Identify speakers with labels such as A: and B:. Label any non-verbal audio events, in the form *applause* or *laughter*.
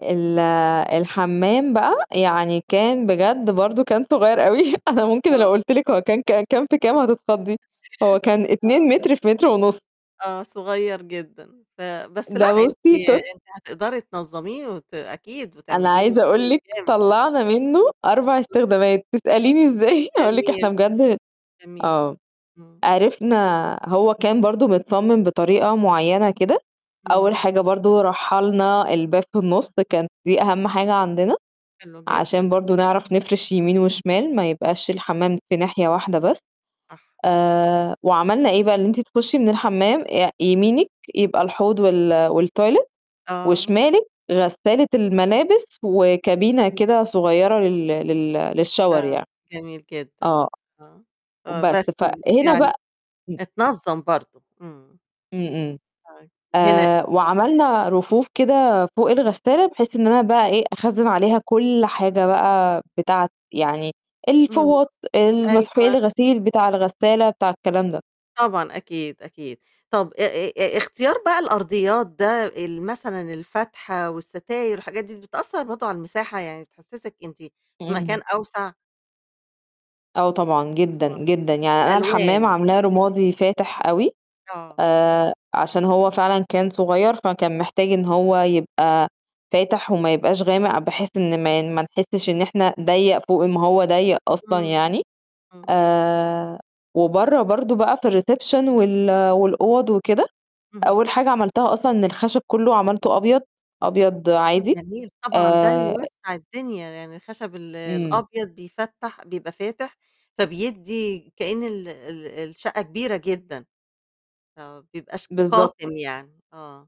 A: ال الحمّام بقى يعني كان بجد برضه كان صغير أوي أنا ممكن لو
B: آه.
A: قلت لِك هو كان ك كام في كام هتتخضي هو كان 2
B: آه.
A: متر في متر ونُص.
B: آه، صغير جدًا، ف بس لأ
A: ده
B: أنتِ
A: بُصّي ت
B: أنتِ هتقدري تنظميه وت أكيد
A: أنا
B: وتعملي له
A: عايزة أقول
B: شغل
A: لِك
B: جامد.
A: طلّعنا منه 4 استخدامات،
B: *unintelligible*
A: تسأليني إزاي أقول لِك إحنا
B: جميل.
A: بجد
B: جميل.
A: آه،
B: امم.
A: عرفنا هو كان برضه متصمم بطريقة معينة كده، أول
B: امم.
A: حاجة برضه رحّلنا الباب في النُص كان دي أهم حاجة عندنا
B: حلو
A: عشان
B: جدًا.
A: برضه نعرف نفرش يمين وشمال ما يبقاش
B: *unintelligible*
A: الحمّام في ناحية واحدة بس.
B: صح.
A: آآ، وعملنا إيه بقى، إن أنتِ تخشي من الحمّام آآ يمينِك يبقى الحوض وال والتويلت
B: آه.
A: وشمالِك غسالة الملابس وكابينة كده صغيرة لل لل للشاور
B: آه،
A: يعني.
B: جميل جدًا،
A: آه،
B: آه، آه،
A: وبس،
B: بس
A: فهنا بق
B: يعني
A: امم.
B: اتنظم برضه، امم.
A: امم، امم.
B: أي هنا
A: آآ، وعملنا رفوف كده فوق الغسالة بحيث إن أنا بقى إيه، أخزن عليها كل حاجة بقى بتاعة يعني
B: امم.
A: الفوط، المسحوق
B: أيوه
A: الغسيل بتاع الغسالة بتاع الكلام ده.
B: طبعًا أكيد، أكيد. طب آآ آآ اختيار بقى الأرضيات ده ال مثلًا الفتحة والستاير وحاجات دي بتأثر برضه على المساحة، يعني بتحسسِك أنتِ في مكان
A: امم.
B: أوسع؟
A: آه،
B: يأ
A: طبعًا جدًا،
B: آه،
A: جدًا. يعني أنا الحمّام
B: الألوان.
A: عاملاها رمادي فاتح أوي
B: آه.
A: آآ، عشان هو فعلًا كان صغير فكان محتاج إن هو يبقى فاتح وما يبقاش غامق بحيث إن ما ما نحسش إن إحنا ضيّق فوق ما هو ضيّق أصلًا
B: امم.
A: يعني،
B: امم.
A: آآ، وبرّه برضه بقى في الreception وال والأوض وكده،
B: اهم.
A: أول حاجة عملتها أصلًا إن الخشب كلّه عملته أبيض، أبيض
B: آه
A: عادي
B: جميل طبعًا، ده
A: آآ
B: يوسّع الدنيا، يعني الخشب ال
A: امم.
B: الأبيض بيفتّح، بيبقى فاتح، فبيدي كأن ال ال الشقة كبيرة جدًا. آه، ما بيبقاش
A: بالضبط.
B: قاتم يعني، آه.